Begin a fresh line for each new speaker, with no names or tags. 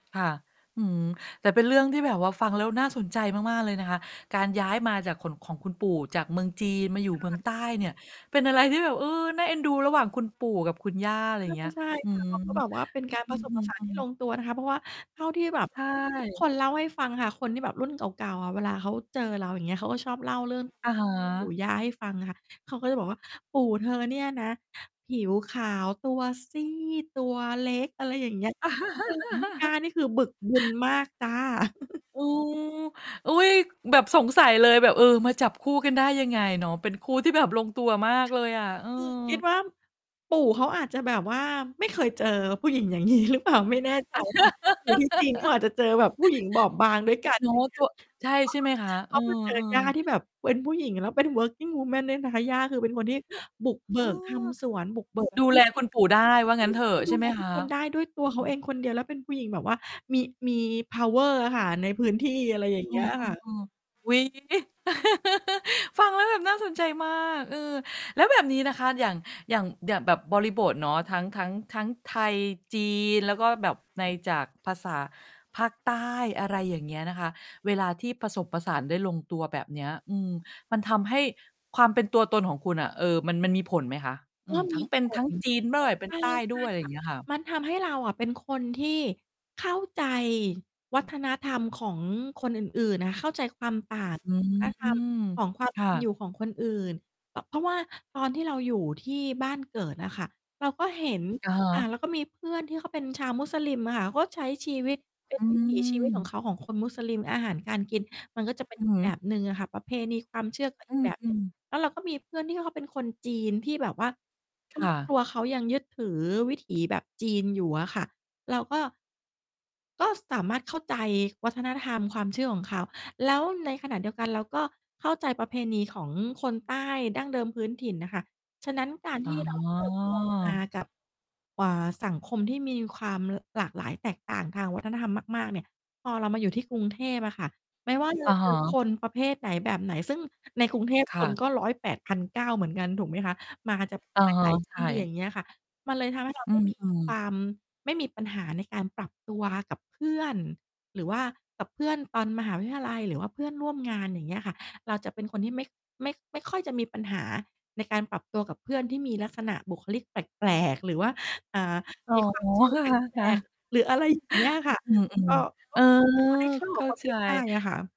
ค่ะ อื้อฮือ แต่เป็นเรื่องที่แบบว่าฟังแล้วน่าสนใจมาก ๆ เลยนะคะ การย้ายมาจาก ขนของคุณปู่จากเมืองจีนมาอยู่
ค
เ
่
มือง
ะ
ใต้เนี่ย เป็นอะไรที่แบบ เออ น่าเอ็นดูระหว่างคุณปู่กับคุณย่า อะไ
ใ
ร
ช
อย่า
่
งเงี้ย
ใช่
อื
ค่ะ
ม
เขาก็แบบว่าเป็นการ
อ
ผ
ื
สมผสานท
อ
ี่ล
ๆ ๆ
งตัวนะคะ เพราะว่าเท่าที่แบบ
ใช
ทุกค
่
นเล่าให้ฟังค่ะ คนที่แบบรุ่นเก่า ๆ อะ เวลาเขาเจอเรา อย่างเงี้ย เขาก็ชอบเล่าเรื่อง
อะฮ
ปู่
ะ
ย่าให้ฟังค่ะ เขาก็จะบอกว่าปู่เธอเนี่ยนะ ผิวขาว ตัวซีด ตัวเล็ก อะไรอย่างเงี้ย ไม่เหมือนคุณย่า นี่คือบึกบึนมากจ้า
โอ้ อุ๊ย แบบสงสัยเลย แบบ เออ มาจับคู่กันได้ยังไงเนาะ เป็นคู่ที่แบบลงตัวมาก
ค
เล
่ะ
ยอะ เออ
คือคิดว่า ปู่เขาอาจจะแบบว่าไม่เคยเจอ ผู้หญิงอย่างงี้ หรือเปล่า ไม่แน่ใจ อยู่ที่จีนเขาอาจจะเจอแบบผู้หญิงบอบบางด้วยกัน
เนา
อย่
ะ
างเง
ต
ี้
ั
ย
ว ใช่
อ
ใ
ะ
ช่
ฮ
ไห
ะ
มคะ?
เข
อื
าคือเจ
อ
อย่า
ๆ
ที่แบบเป็นผู้หญิง แล้วเป็น working woman ด้วยนะคะ ย่าคือเป็นคนที่บุกเบ
เอ
ิกท
อ
ำสวน บุกเบิก
ดูแลคุณปู่ได้ ว่างั้นเถอ
ที
ะ
่ด
ใช
ิ
่
น
ไ
ใ
หม
ช่ ๆ ดูแลท
ค
ุก
ะ?
คนได้ด้วยตัวเขาเองคนเดียว แล้วเป็นผู้หญิงแบบว่า มี มี เพาว์เออร์ อะค่ะ ในพื้นที่ อะไรอย่าง
อ
เ
ื
งี้ยอะค่ะ
อ ๆ ๆ อุ๊ย ฟังแล้วแบบน่าสนใจมาก เออ แล้วแบบนี้นะคะ อย่าง อย่าง อย่างแบบบริบทเนาะ ทั้ง ทั้ง ทั้งไทย จีน แล้วก็แบบในจากภาษาภาคใต้ อะไรอย่างเงี้ยนะคะ เวลาที่ผสมผสานได้ลงตัวแบบเนี้ย อืม มันทำให้ความเป็นตัวตนของคุณอะ เออ มัน มันมีผลไหมคะ? อื
ก็
อ
ม
ทั
ี
้ง เป
ผ
็นทั้งจีนด้วย
ล
เป็
ใช
น
่
ใต้
ใช
ด
่
้วย อะไร
ค
อย
่
่
ะ
างเงี้ยค่ะ
มันทำให้เราอะเป็นคนที่เข้าใจวัฒนธรรมของคนอื่น ๆ น่ะ เข้าใจความต่าง
อื
ของวัฒนธรรม
ม
ของความ
ค
เป
่
็นอยู
ะ
่ของคนอื่น แบบ เพราะว่าตอนที่เราอยู่ที่บ้านเกิดอะค่ะ เราก็เห็น
อะฮ
อ่า
ะ
เราก็มีเพื่อนที่เขาเป็นชาวมุสลิมอะค่ะ เขาก็ใช้ชีวิต เป็
อ
นวิถี ชีวิตของเ
ืม
ขา ของคนมุสลิม อาหารการกิน มันก็จะ เป็น
อื
อ
อ
ี
ฮ
กแบ
ึ
บหนึ่งอะค่ะ ประเพณีความเชื่อ ก็
อ
อ
ื
ีก แบบหนึ่ง
ม ๆ
แล้วเราก็มีเพื่อนที่เขาเป็นคนจีน ที่แบบว่า ครอ
ค่
บ คร
ะ
ัวเขายังยึดถือวิถีแบบจีนอยู่อะค่ะ เราก็ ก็สามารถเข้าใจวัฒนธรรมความเชื่อของเขา แล้วในขณะเดียวกัน เราก็เข้าใจประเพณีของคนใต้ดั้งเดิมพื้นถิ่นน่ะค่ะ ฉะนั้น การ
อ๋
ที่ เราเติบโต มา
อ
กับ เอ่อ สังคมที่มีความหลากหลายแตกต่างทางวัฒนธรรมมาก ๆ เนี่ย พอเรามาอยู่ที่กรุงเทพอะค่ะ ไม่ว่า จ
อ
ะ
ะ
เ
ฮ
จอ
ะ
คนประเภทไหน แบบไหน ซึ่งในกรุงเทพ
ค
ค
่
น
ะ
ก็ ร้อยแปดพันเก้าเหมือนกัน ถูกไหมคะ มาจาก
อะ
ห
ฮะ
ลาย ๆ ท
ใช
ี่ อย่า
่
งเงี้ยค่ะ มันเลยทำให้เรา
อื
ไม่มี
ม
ค
ๆ
วาม ไม่มีปัญหาในการปรับตัว กับเพื่อน หรือว่ากับเพื่อนตอนมหาวิทยาลัย หรือว่าเพื่อนร่วมงาน อย่างเงี้ยค่ะ เราจะเป็นคนที่ไม่ ไม่ ไม่ค่อยจะมีปัญหาในการปรับตัวกับเพื่อนที่มีลักษณะบุคลิกแปลก ๆ หรือว่า อ่า
อ๋อ
มีความเชื่อ
ค
แปล
่ะ
ก ๆ หรือ อะไรอย่างเงี้ยค่ะ
ๆ อืม
ก็
ๆ
ก
เอ
็
อ
เป็นคนที่เข้า
เข
กับ
้า
คน
ใจ
ได้ง่ายอะค่ะ